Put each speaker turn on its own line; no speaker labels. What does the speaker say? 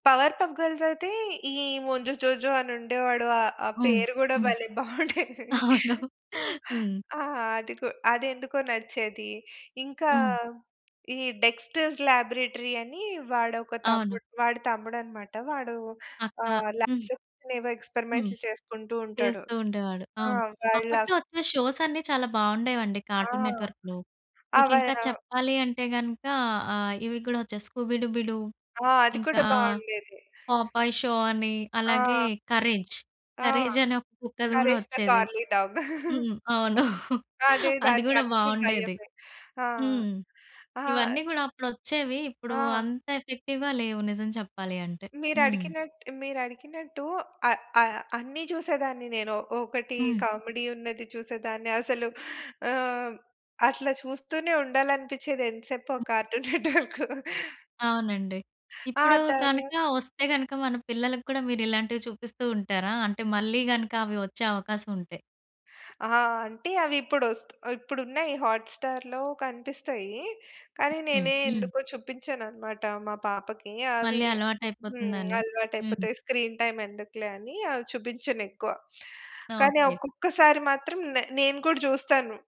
Power పప్ గర్ల్సయితే ఈ ముంజు జోజో అనుండేవాడు. ఆహ్, ఆ
హ్మ్.
పేరు గూడా
హ్మ్.
భలే బావుండేది.
అవును. హ్మ్.
ఆ! అది గు అదెందుకో నచ్చేది. ఇంకా
హ్మ్.
ఈ డెక్‌స్టర్స్ లాబ్‌రేటరీ అని వాడొక
అవును.
తమ్ముడు వాడి తమ్ముడనమాట. వాడు
అ అ
ఆహ్,
హ్మ్.
లాబ్‌లో కూర్చొని ఏవో
హ్మ్.
ఎక్స్‌పెర్‌మెంట్లు చేసుకుంటూ ఉంటాడు.
చేస్తూ ఉండేవాడు.
ఆ!
అవును.
చైల్డ్‌లా
అప్పట్లో ఒచ్చే షోసన్నీ చాలా బావుండేవండి
ఆ!
కార్టూన్ నెట్‌వర్క్‌లో. మీకింకా
అవైరా
చెప్పాలి అంటే గనుక ఆహ్, ఇవి కూడా ఒచ్చే 'స్కూబీ డూబీ డు',
ఆ! అది కూడా
ఇంకా
బావుండేది.
'పాపాయ్ షో' అని అలాగే
ఆ!
'కరేజ్.'
ఆ!
కరేజనే ఒక కుక్కది కూడా
'కరేష్ ద
ఒచ్చేది.
Curly dog.'
హ్మ్. అవును.
అదే
అది గూడా
దానికన్నీ
బావుండేది.
భయమే. ఆ!
హ్మ్.
ఆహ్
ఇవన్నీ గూడా అప్పుడొచ్చేవి. ఇప్పుడు
ఆ!
అంత ఎఫెక్టివ్‌గా లేవు నిజం చెప్పాలి అంటే. హ్మ్.
మీరడిగినట్ మీరడిగినట్టు ఆ ఆ అన్నీ జూసేదాన్ని నేను. ఒకటి
హ్మ్.
కామిడీ ఉన్నది చూసేదాన్ని, అసలు ఆహ్, అట్లా చూస్తూనే ఉండాలనిపిచ్చేది ఎంత సేపు ఆ
హ్మ్.
Cartoon Network.
అవునండి.
ఆ!
ఇప్పుడు
తర్వార్
గనుక ఒస్తే గనుక, మన పిల్లలకి కూడా మీరిలాంటివి చూపిస్తూ ఉంటారా? అంటే మళ్ళీ గనుక అవి ఒచ్చే అవకాశం ఉంటే?
ఆ! అంటే అవిప్పుడొస్త్ ఇప్పుడున్నాయి హాట్‌‌స్టార్‌లో కనిపిస్తాయి. కానీ,
హుహు.
నేనే
హ్మ్.
ఎందుకో చూపించననమాట మా పాపకి. అవీ
మళ్ళీ
హ్మ్.
అలవాటైపోతుందని. హ్మ్.
అలవాటయిపోతాయి. స్క్రీన్ టైమ్ ఎందుకులే అని అవి చూబించనెక్కువ. కానీ
ఓకే.
ఒక్కొక్కసారి మాత్రం నే నేను గూడా జూస్తాను.